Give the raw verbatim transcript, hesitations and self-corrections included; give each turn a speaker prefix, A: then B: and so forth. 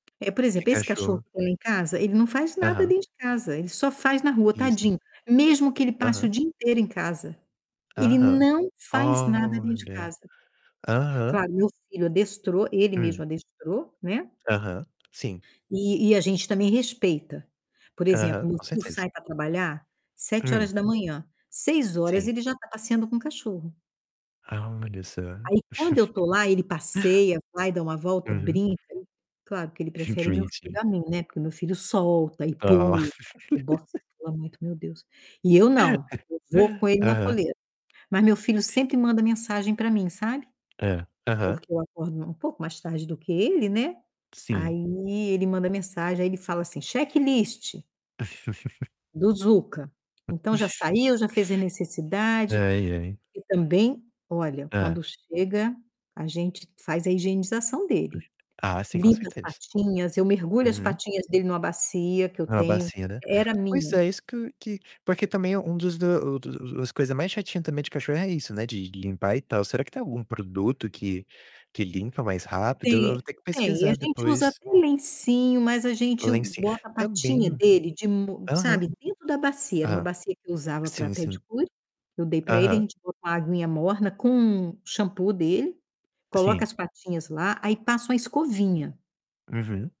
A: É, por
B: Que
A: exemplo, esse cachorro
B: cachorro.
A: que tem lá em casa, ele não faz nada
B: Aham.
A: dentro de casa, ele só faz na rua,
B: Vista.
A: tadinho. Mesmo que ele passe o
B: Aham.
A: dia inteiro em casa, ele
B: Aham,
A: não faz nada dentro de
B: olha,
A: casa.
B: aham.
A: Claro, meu filho adestrou, ele mesmo
B: Hum.
A: adestrou, né.
B: Aham, sim.
A: E e a gente também respeita. Por
B: Aham,
A: exemplo, meu
B: com
A: filho
B: certeza.
A: sai para trabalhar sete
B: Hum.
A: horas da manhã. seis horas
B: Sim.
A: ele já está passeando com o cachorro.
B: Ah, olha só.
A: Aí quando eu estou lá, ele passeia, vai, dá uma volta,
B: Uhum.
A: brinca. Claro que ele
B: Hum, que
A: prefere meu filho
B: bonitinho.
A: a mim, né. Porque o meu filho solta e pula,
B: [unintelligible]
A: o boxer pula muito, meu Deus. E eu não, eu vou com ele na
B: Aham.
A: coleira. Mas meu filho sempre manda mensagem para mim, sabe?
B: Hã, aham.
A: Porque eu acordo um pouco mais tarde do que ele, né.
B: Sim.
A: Aí ele manda mensagem, aí ele fala assim: "Checklist" "do Zuca". Então já saiu, já fez a necessidade.
B: Ai, ai.
A: E também, olha,
B: Hã.
A: quando chega, a gente faz a higienização dele.
B: Ah sim, com
A: Limpa as
B: certeza.
A: patinhas, eu mergulho as
B: [unintelligible]
A: patinhas dele em uma bacia que eu
B: Uma
A: tenho,
B: bacia, né.
A: era
B: Mas
A: minha.
B: é isso que que porque, também, um dos do o do as coisas mais chatinhas, também, de cachorro é isso, né, de limpar, e tal. Será que tem algum produto que que limpa mais rápido? Eu eu
A: Tem
B: vou ter que
A: tem, e a
B: pesquisar
A: gente usa
B: depois.
A: até lencinho, mas a gente
B: Lenci
A: bota a patinha
B: também
A: dele de mo
B: aham.
A: sabe, dentro da bacia. Era uma
B: Ah,
A: bacia que eu usava para
B: sim, sim.
A: pedicure, eu dei para ele. A
B: Aham.
A: gente bota uma aguinha morna com o shampoo dele, coloca
B: Sim.
A: as patinhas lá, aí passa uma escovinha.
B: Uhum.